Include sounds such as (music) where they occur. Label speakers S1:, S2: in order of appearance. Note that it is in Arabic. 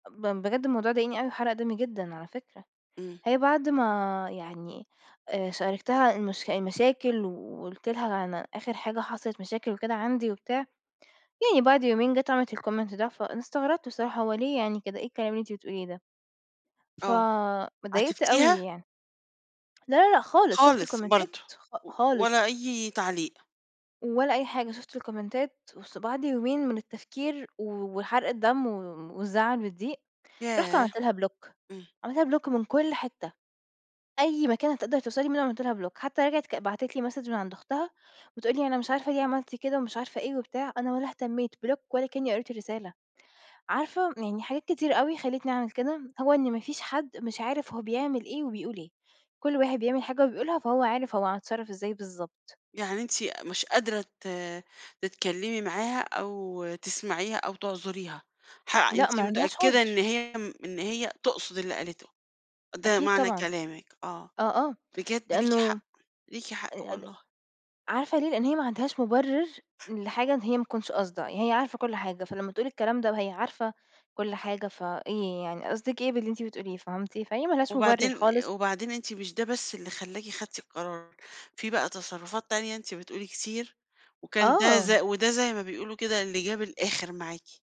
S1: ب بجد الموضوع ضايقني أوي وحرق دمي جدًا على فكرة،
S2: إمم.
S1: هي بعد ما يعني آآ شاركتها المش المشاكل، وقُلت لها أنا آخر حاجة حصلت مشاكل وكده عندي وبتاع، يعني بعد يومين جات وعملت الComment ده، فأنا استغربت بصراحة هو ليه يعني كده إيه الكلام اللي أنتِ بتقوليه ده؟ ف
S2: آه،
S1: اتضايقت أوي
S2: عاتبتيها؟
S1: يعني. لا لا لا، خالص شُفت
S2: خالص
S1: الكومنتات
S2: برضه،
S1: خ
S2: و ولا
S1: خالص.
S2: أي تعليق.
S1: ولا أي حاجة، شفُت الكومنتات بُص وبعد يومين من التفكير و وحرق الدم و والزعل والضيق، رُحت
S2: ياه!
S1: عملت لها Block
S2: إمم.
S1: عملت لها Block من كُلّ حتة، أي مكان هتقدر توصل لي منُه عملت لها Block حتى رجعت ك بعتت لي مسدج من عند أختها، بتقول لي أنا مش عارفة ليه عملت كده ومش عارفة إيه وبتاع، أنا ولا اهتميت Block ولا كأني قريت الرسالة، عارفة يعني حاجات كتيرة أوي خلّيتني أعمل كده، هو إن ما فيش حد مش عارف هو بيعمل إيه وبيقول إيه، كُلّ واحد بيعمل حاجة وبيقولها فهو عارف هو هيتصرف إزاي بالضبط.
S2: يعني أنتِ مش قادرة ت تتكلمي معاها أو تسمعيها أو تعذُريها، حق
S1: لأ، ما
S2: أنتِ
S1: عندهاش
S2: متأكدة إن
S1: عُذر.
S2: هي إن هي تقصد اللي قالته، ده
S1: أكيد
S2: معنى
S1: طبعًا،
S2: كلامِك آه،
S1: آه، آه،
S2: بجد ليكِ
S1: لإنه
S2: حق، ليكِ حق
S1: (unintelligible)
S2: والله.
S1: عارفة ليه؟ لإن هي ما عندهاش مُبرر لحاجة إن هي ما تكونش قاصدة، هي عارفة كُلّ حاجة، فلما تقول الكلام ده وهي عارفة كُلّ حاجة، فإيه يعني قصدِك إيه باللي أنتِ بتقوليه فهمتِ؟ فهي ما لهاش مُبرر
S2: وبعدين
S1: خالص.
S2: وبعدين أنتِ مش ده بس اللي خلاكِ خدتِ القرار، في بقى تصرفات تانية أنتِ بتقولي كتير، وكان ده ز
S1: آه.
S2: وده زي ما بيقولوا كده اللي جاب الآخر معاكِ.